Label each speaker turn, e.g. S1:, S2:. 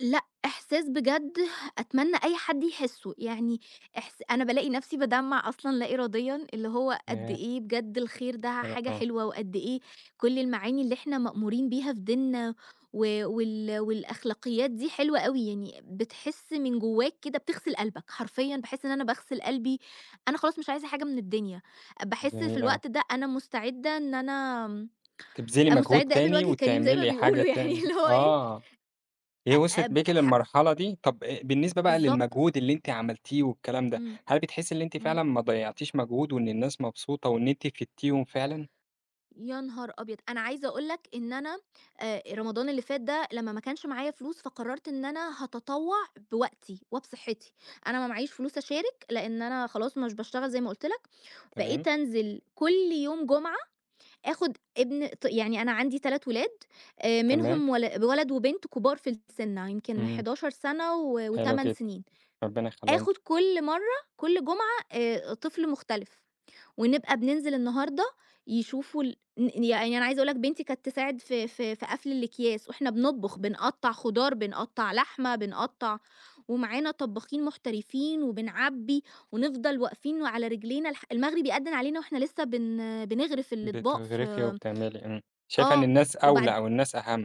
S1: لأ، إحساس بجد أتمنّى أي حد يحسُّه يعني إحس أنا بالاقي نفسي بادمَّع أصلًا لا إراديًا، اللي هو قد
S2: [unintelligible]
S1: إيه بجد الخير ده
S2: [unintelligible]
S1: حاجة
S2: آه.
S1: حلوة، وقد إيه كل المعاني اللي إحنا مأمورين بيها في ديننا و وال والأخلاقيات دي حلوة أوي، يعني بتحس من جواك كده بتغسل قلبك حرفيًا، باحس إن أنا باغسل قلبي أنا خلاص مش عايزة حاجة من الدنيا، باحس في
S2: جميل أوي.
S1: الوقت ده أنا مُستعدة إن أنا امم،
S2: تبذِلي
S1: أ
S2: مجهود
S1: مُستعدة اقابل
S2: تاني
S1: وجه كريم زي ما
S2: وتعملي حاجة
S1: بيقولوا يعني،
S2: تاني
S1: اللي هو إيه،
S2: آه،
S1: أ
S2: هي وصلت
S1: أب
S2: بيكِ
S1: حب
S2: للمرحلة دي، طب أ بالنسبة بقى
S1: بالضبط.
S2: للمجهود اللي أنتِ عملتيه والكلام ده،
S1: إمم،
S2: هل بتحسي اللي أنتِ
S1: إمم.
S2: فعلًا ما ضيّعتيش مجهود، وإن الناس مبسوطة، وإن أنتِ فيدتيهم فعلًا؟
S1: يا نهار أبيض، أنا عايزة اقول لك إن أنا أ رمضان اللي فات ده لما ما كانش معايا فلوس، فقررت إن أنا هاتطوّع بوقتي وبصحِّتي، أنا ما معييش فلوس أشارك، لإن أنا خلاص مش باشتغل زي ما قلت لك،
S2: تمام.
S1: بقيت أنزل كل يوم جمعة، آخد ابن ط يعني أنا عندي 3 ولاد آآ،
S2: تمام.
S1: منهم ول ولد وبنت كبار في السن يمكن
S2: إمم.
S1: 11 سنة و
S2: حلو
S1: و8
S2: جدًا،
S1: سنين،
S2: ربنا يخلِّيهم لِك.
S1: آخد كل مرَّة كل جمعة آآ، طفل مختلف، ونبقى بننزل النهاردة يشوفوا ال ن ي يعني أنا عايزة اقول لك بنتي كانت تساعد في في في قفل الاكياس، وإحنا بنطبخ بنقطَّع خضار، بنقطَّع لحمة، بنقطَّع ومعانا طبَّاخين محترفين، وبنعبِّي ونفضل واقفين وعلى رجلينا الح المغرب يأدِّن علينا واحنا لسه بن بنغرف الاطباق
S2: بتغرِفي
S1: في
S2: وبتعملي إمم، شايفة إن
S1: آه
S2: الناس أولى،
S1: وبعد
S2: أو الناس أهم.